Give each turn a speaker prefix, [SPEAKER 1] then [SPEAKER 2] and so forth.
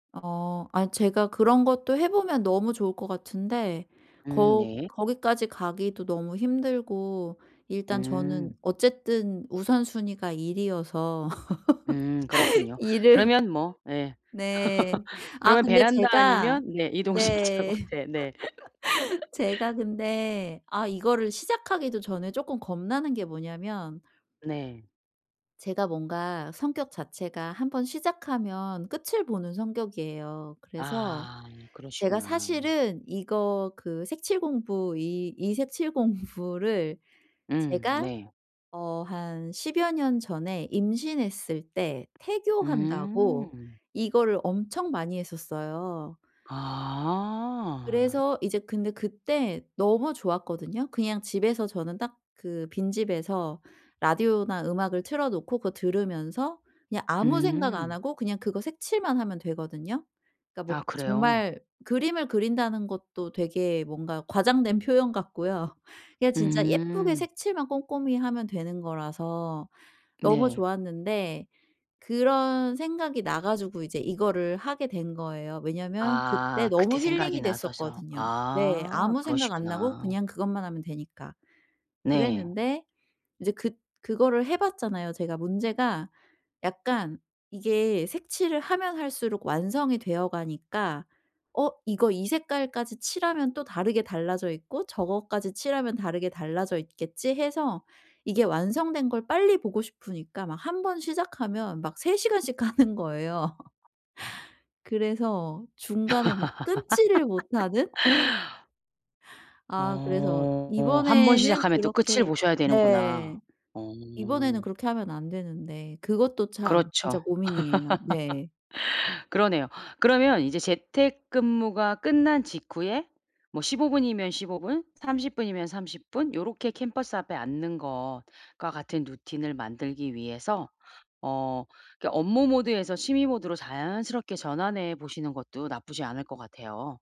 [SPEAKER 1] 아 아니 제가 그런 것도 해 보면 너무 좋을 것 같은데
[SPEAKER 2] 음
[SPEAKER 1] 거
[SPEAKER 2] 네.
[SPEAKER 1] 거기까지 가기도 너무 힘들고 일단 저는
[SPEAKER 2] 음.
[SPEAKER 1] 어쨌든 우선순위가 일이어서.
[SPEAKER 2] 음 그렇군요.
[SPEAKER 1] 일을
[SPEAKER 2] 그러면 뭐 예.
[SPEAKER 1] 네. 아
[SPEAKER 2] 그러면
[SPEAKER 1] 근데
[SPEAKER 2] 베란다
[SPEAKER 1] 제가
[SPEAKER 2] 아니면 네. 이동식
[SPEAKER 1] 네.
[SPEAKER 2] 작업대에 네.
[SPEAKER 1] 제가 근데 아 이거를 시작하기도 전에 쪼끔 겁나는 게 뭐냐면
[SPEAKER 2] 네.
[SPEAKER 1] 제가 뭔가 성격 자체가 한번 시작하면 끝을 보는 성격이에요. 그래서
[SPEAKER 2] 아.
[SPEAKER 1] 제가
[SPEAKER 2] 그러시구나.
[SPEAKER 1] 사실은 이거 그 색칠 공부. 이 이 색칠 공부를
[SPEAKER 2] 음.
[SPEAKER 1] 제가
[SPEAKER 2] 네.
[SPEAKER 1] 어 한 십여 년 전에 임신했을 때 태교한다고
[SPEAKER 2] 음.
[SPEAKER 1] 이거를 엄청 많이 했었어요.
[SPEAKER 2] 아.
[SPEAKER 1] 그래서 이제 근데 그때 너무 좋았거든요. 그냥 집에서 저는 딱 그 빈집에서 라디오나 음악을 틀어 놓고 그거 들으면서 그냥 아무 생각 안
[SPEAKER 2] 음.
[SPEAKER 1] 하고 그냥 그거 색칠만 하면 되거든요. 그러니까 막
[SPEAKER 2] 아 그래요?
[SPEAKER 1] 정말 그림을 그린다는 것도 되게 뭔가 과장된 표현 같고요. 이게 진짜 예쁘게
[SPEAKER 2] 음.
[SPEAKER 1] 색칠만 꼼꼼히 하면 되는 거라서 너무
[SPEAKER 2] 네.
[SPEAKER 1] 좋았는데. 그런 생각이 나 가지고 이제 이거를 하게 된 거예요. 왜냐면 그때
[SPEAKER 2] 아. 그때
[SPEAKER 1] 너무
[SPEAKER 2] 생각이
[SPEAKER 1] 힐링이
[SPEAKER 2] 나셔서.
[SPEAKER 1] 됐었거든요. 네.
[SPEAKER 2] 아.
[SPEAKER 1] 아무 생각 안 나고
[SPEAKER 2] 그러시구나.
[SPEAKER 1] 그냥 그것만 하면 되니까.
[SPEAKER 2] 네.
[SPEAKER 1] 그랬는데 이제 그 그거를 해 봤잖아요. 제가 문제가 약간 이게 색칠을 하면 할수록 완성이 되어 가니까 어 이거 이 색깔까지 칠하면 또 다르게 달라져 있고 저것까지 칠하면 다르게 달라져 있겠지 해서 이게 완성된 걸 빨리 보고 싶으니까 막 한번 시작하면 막 3 시간씩 하는 거예요. 그래서 중간에 막 끊지를 못하는? 아. 그래서
[SPEAKER 2] 어. 한번
[SPEAKER 1] 이번에는
[SPEAKER 2] 시작하면 또 끝을
[SPEAKER 1] 그렇게
[SPEAKER 2] 보셔야 되는구나.
[SPEAKER 1] 네.
[SPEAKER 2] 어.
[SPEAKER 1] 이번에는 그렇게 하면 안 되는데 그것도 참 진짜
[SPEAKER 2] 그렇죠.
[SPEAKER 1] 고민이에요. 네.
[SPEAKER 2] 그러네요. 그러면 이제 재택근무가 끝난 직후에 뭐 15 분이면 15 분, 30 분이면 30 분 요렇게 캔버스 앞에 앉는 것과 같은 루틴을 만들기 위해서 어. 그러니까 업무 모드에서 취미 모드로 자연스럽게 전환해 보시는 것도 나쁘지 않을 것 같아요.